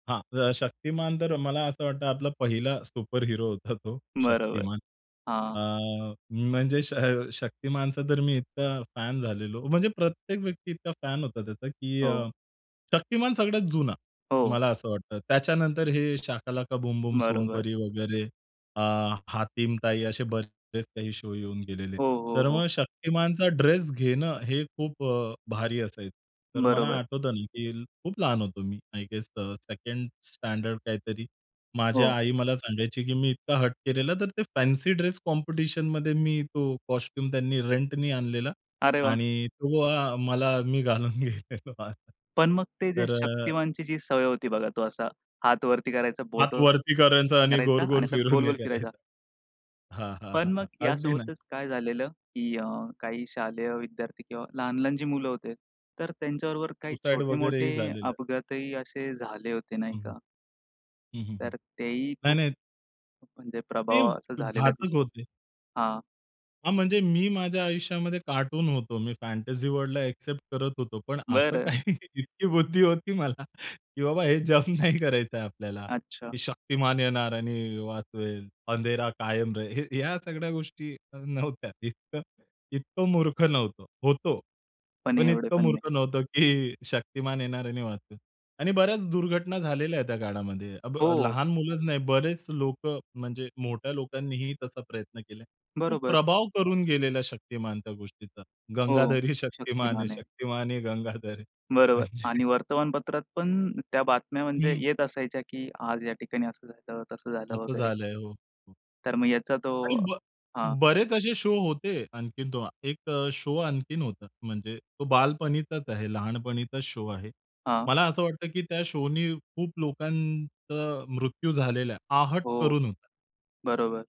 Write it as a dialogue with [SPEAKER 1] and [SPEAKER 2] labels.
[SPEAKER 1] हा अ, शक्तिमान तर मला असं वाटतं आपला पहिला सुपरहिरो होता तो
[SPEAKER 2] बरोबर.
[SPEAKER 1] शक्तिमान.
[SPEAKER 2] हां.
[SPEAKER 1] अ, म्हणजे श शक्तिमानचा तर मी इतका फॅन झालेलो. म्हणजे प्रत्येक व्यक्ती इतका फॅन होता त्याचा, की
[SPEAKER 2] हो.
[SPEAKER 1] अ, शक्तिमान सगळ्यात जुना,
[SPEAKER 2] हो.
[SPEAKER 1] मला असं वाटतं. त्याच्यानंतर हे शाकालाका बूम-बूम,
[SPEAKER 2] बरोबर.
[SPEAKER 1] सोनपरी वगैरे, अ, हातीम ताई असे बरेच काही शो येऊन गेलेले आहेत.
[SPEAKER 2] हो, हो,
[SPEAKER 1] तर
[SPEAKER 2] हो.
[SPEAKER 1] मग शक्तिमानचा ड्रेस घेणं हे खूप अ, भारी असायचं. तर मला
[SPEAKER 2] बरोबर.
[SPEAKER 1] आठवतं ना, की खूप लहान होतो मी. आय गेस सेकंड स्टँडर्ड काहीतरी माझी
[SPEAKER 2] हो.
[SPEAKER 1] आई मला सांगायची, की मी इतका हट्ट केलेला. तर ते फॅन्सी ड्रेस कॉम्पिटिशनमध्ये मी तो कॉस्ट्यूम त्यांनी रेंटनी आणलेला
[SPEAKER 2] अरे वाह!
[SPEAKER 1] आणि तो अ, मला मी घालून गेलेलो.
[SPEAKER 2] पण मग ते जे
[SPEAKER 1] तर अ
[SPEAKER 2] शक्तिमानचीजी सवय होती बघा तो असा हात वरती करायचा,
[SPEAKER 1] हात
[SPEAKER 2] बोट
[SPEAKER 1] वरती करायचा
[SPEAKER 2] वरती
[SPEAKER 1] आणि
[SPEAKER 2] करायचा आणि
[SPEAKER 1] गोल-गोल
[SPEAKER 2] असा
[SPEAKER 1] फिरून हे
[SPEAKER 2] गोल-गोल फिरायचा
[SPEAKER 1] करायचा. हां, हां,
[SPEAKER 2] पण मग
[SPEAKER 1] हां. अगदी ना.
[SPEAKER 2] यासोबतच काय झालेलं की अ, काही शालेय विद्यार्थी किंवा लहान-लहान जी मुलं होते तर त्यांच्याबरोबर काही
[SPEAKER 1] सुसाइड
[SPEAKER 2] छोटे-मोठे
[SPEAKER 1] वगैरेही झालेलं.
[SPEAKER 2] अपघातही असे झाले होते, नाही
[SPEAKER 1] हं, हं.
[SPEAKER 2] का?
[SPEAKER 1] हं, हं, हं.
[SPEAKER 2] तर तेही
[SPEAKER 1] नाही,
[SPEAKER 2] खूप
[SPEAKER 1] नाही
[SPEAKER 2] म्हणजे
[SPEAKER 1] ते
[SPEAKER 2] प्रभाव असा
[SPEAKER 1] ब
[SPEAKER 2] झालेला
[SPEAKER 1] घातक
[SPEAKER 2] दिसतो.
[SPEAKER 1] होते.
[SPEAKER 2] हां.
[SPEAKER 1] हां, म्हणजे मी माझ्या आयुष्यामध्ये कार्टून होतो. मी फॅन्टसी वर्ल्डला ॲक्सेप्ट करत होतो पण असं
[SPEAKER 2] बरं.
[SPEAKER 1] काही इतकी बुद्धी होती मला की बाबा हे जम्प नाही करायचंय आपल्याला.
[SPEAKER 2] अच्छा.
[SPEAKER 1] की शक्तिमान येणार आणि वाचवेल. अंधेरा कायम रहे हे या सगळ्या गोष्टी नव्हत्या. इतकं इतकं मूर्ख नव्हतो. होतो
[SPEAKER 2] पण
[SPEAKER 1] पण
[SPEAKER 2] एवढे
[SPEAKER 1] इतकं
[SPEAKER 2] पण नाही.
[SPEAKER 1] मूर्ख नव्हतो, की शक्तिमान येणार आणि वाचवेल आणि बऱ्याच दुर्घटना झालेल्या आहेत त्या काळामध्ये. अब
[SPEAKER 2] हो.
[SPEAKER 1] लहान मुलंच नाही बरेच लोकं म्हणजे मोठ्या लोकांनीही तसा प्रयत्न केला आहे. खूप
[SPEAKER 2] बरोबर.
[SPEAKER 1] प्रभाव करून गेलेला शक्तिमान त्या गोष्टीचा.
[SPEAKER 2] हो.
[SPEAKER 1] गंगाधर ही शक्तिमान है,
[SPEAKER 2] शक्तिमान आहे.
[SPEAKER 1] शक्तिमान ही गंगाधर है.
[SPEAKER 2] बरोबर
[SPEAKER 1] म्हणजे.
[SPEAKER 2] आणि वर्तमानपत्रात पण त्या बातम्या म्हणजे
[SPEAKER 1] हं.
[SPEAKER 2] येत असायच्या, की आज या ठिकाणी असं झालं, तसं झालं
[SPEAKER 1] असं
[SPEAKER 2] वगैरे.
[SPEAKER 1] झालंय. हो. हो.
[SPEAKER 2] तर मग याचा तो
[SPEAKER 1] आणि ब
[SPEAKER 2] हां.
[SPEAKER 1] बरेच असे शो होते आणखीन तो. एक शो आणखीन होता. म्हणजे तो बालपणीचाच आहे. लहानपणीचाच शो आहे.
[SPEAKER 2] हां.
[SPEAKER 1] मला असं वाटतं, की त्या शो नी खूप लोकांचा मृत्यू झालेला आहे. आहट
[SPEAKER 2] हो.
[SPEAKER 1] करून होता.
[SPEAKER 2] बरोबर.